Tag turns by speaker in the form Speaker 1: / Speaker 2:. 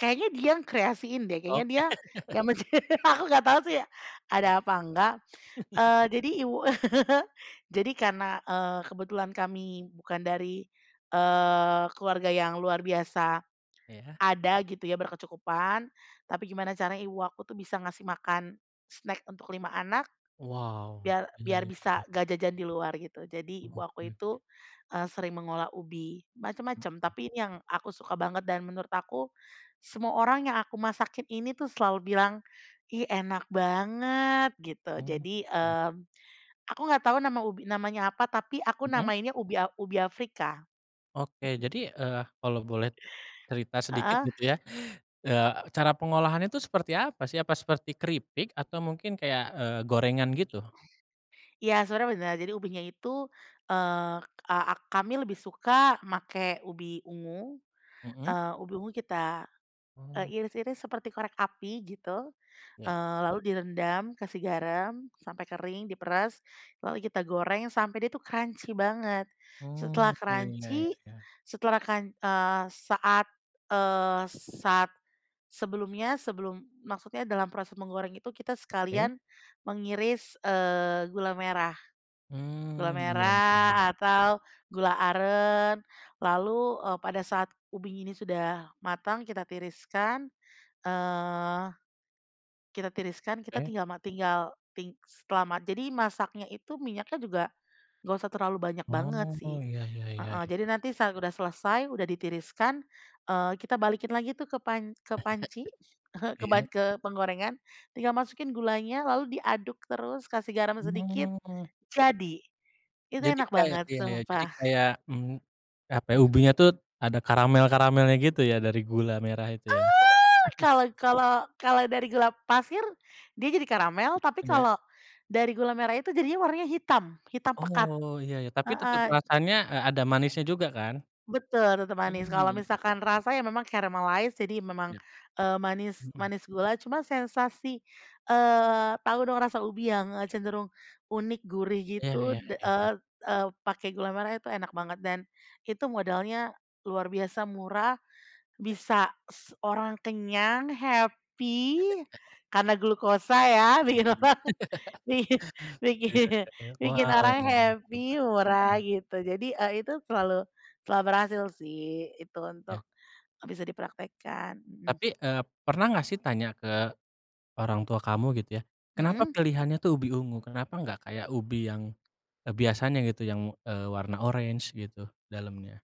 Speaker 1: Kayaknya dia yang kreasiin deh, kayanya
Speaker 2: Oke.
Speaker 1: dia, yang mence aku nggak tau sih,
Speaker 2: Hoi.
Speaker 1: ada apa enggak, eee, jadi ibu, jadi karena, eee, kebetulan kami bukan dari, eee, keluarga yang luar biasa,
Speaker 2: Ya.
Speaker 1: ada gitu ya, berkecukupan, tapi gimana caranya ibu aku tuh bisa ngasih makan snack untuk 5 anak,
Speaker 2: Wow,
Speaker 1: biar
Speaker 2: iya
Speaker 1: biar
Speaker 2: iya
Speaker 1: bisa
Speaker 2: iya.
Speaker 1: ngga jajan di luar, gitu. Jadi ibu aku itu,
Speaker 2: Oke.
Speaker 1: eee, sering mengolah ubi,
Speaker 2: Oh
Speaker 1: macem-macem tapi
Speaker 2: o
Speaker 1: ini yang aku suka banget dan menurut aku, semua orang yang aku masakin ini tuh selalu bilang, "ih enak banget" gitu
Speaker 2: Oh,
Speaker 1: jadi,
Speaker 2: oke.
Speaker 1: eee, aku nggak tahu nama ubi namanya apa tapi aku
Speaker 2: Mhm.
Speaker 1: namainnya ubi a ubi Afrika.
Speaker 2: Oke, jadi, eee, kalo boleh cerita sedikit
Speaker 1: Heeh.
Speaker 2: gitu ya, eee, cara pengolahan itu seperti apa sih, apa seperti keripik atau mungkin kayak, eee, gorengan gitu?
Speaker 1: Ya sebenarnya benar, jadi ubinya itu, eee, ak kami lebih suka pake ubi ungu,
Speaker 2: Mhm.
Speaker 1: eee, ubi ungu kita, e
Speaker 2: Ooo.
Speaker 1: iris-iris seperti korek api gitu.
Speaker 2: Ya.
Speaker 1: Eee, lalu direndam, kasih garam, sampai kering, diperas, lalu kita goreng sampai dia tuh crunchy banget. Setelah
Speaker 2: Oh, iya ya ya
Speaker 1: crunchy
Speaker 2: ya.
Speaker 1: setelah crun eee, saat, eee, saat sebelumnya, sebelum maksudnya dalam proses menggoreng itu kita
Speaker 2: Oke.
Speaker 1: sekalian mengiris, eee, gula merah gula
Speaker 2: Mhm, iya ya
Speaker 1: merah
Speaker 2: ya.
Speaker 1: atau gula aren lalu, e pada saat ubi ini sudah matang kita tiriskan. Eee, tiriskan, kita
Speaker 2: Oke.
Speaker 1: tinggal mati tinggal, ti selama jadi masaknya itu minyaknya juga, nggak usah terlalu banyak banget
Speaker 2: Oh,
Speaker 1: sih
Speaker 2: ya ya ya
Speaker 1: heeh, jadi
Speaker 2: ya.
Speaker 1: nanti saat udah selesai, udah ditiriskan, eee, kita balikin lagi tuh ke pan ke panci, ke
Speaker 2: Iya.
Speaker 1: ban ke penggorengan, tinggal masukin gulanya lalu diaduk terus, kasih garam sedikit,
Speaker 2: Oh.
Speaker 1: jadi. Itu
Speaker 2: Jadi
Speaker 1: enak
Speaker 2: kayak
Speaker 1: banget,
Speaker 2: ya ya, jadi
Speaker 1: sumpah.
Speaker 2: kayak mhm. Apa,
Speaker 1: Mh
Speaker 2: ubinya tuh, ada karamel-karamelnya gitu ya, dari gula merah itu ya?
Speaker 1: Eee, kalau kalau kalau dari gula pasir dia jadi karamel, tapi
Speaker 2: Ya.
Speaker 1: kalau dari gula merah itu jadinya warnanya hitam hitam pekat
Speaker 2: Oh, ya ya. Tapi tetep
Speaker 1: heeh.
Speaker 2: rasanya, eee, ada manisnya juga kan?
Speaker 1: Betul tetep manis.
Speaker 2: Mhm, ya
Speaker 1: Kalau
Speaker 2: ya.
Speaker 1: misalkan rasa ya memang caramalize, jadi memang,
Speaker 2: Ya.
Speaker 1: eee, manis
Speaker 2: Mhm.
Speaker 1: manis gula cuma sensasi, eee, tau dong rasa ubi yang cenderung unik gurih
Speaker 2: Ya
Speaker 1: gitu
Speaker 2: ya
Speaker 1: d
Speaker 2: ya ya.
Speaker 1: eee eee, pake gula merah itu enak banget. Dan, itu modalnya luar biasa murah, bisa se orang kenyang happy, karena glukosa ya bikin orang i
Speaker 2: Iya
Speaker 1: bikin
Speaker 2: ya ya.
Speaker 1: bikin
Speaker 2: Wow
Speaker 1: orang
Speaker 2: wow, hitam kan
Speaker 1: happy,
Speaker 2: mhm.
Speaker 1: murah gitu. Jadi itu, eee, selalu selalu berhasil sih itu untuk,
Speaker 2: Ya.
Speaker 1: bisa dipraktekkan. Mhm.
Speaker 2: Tapi, eee, pernah nggak sih, tanya ke orang tua kamu gitu ya, kenapa
Speaker 1: Mhm.
Speaker 2: pilihannya tuh ubi ungu, kenapa nggak kayak ubi yang biasanya gitu yang, eee, warna orange gitu, dalamnya?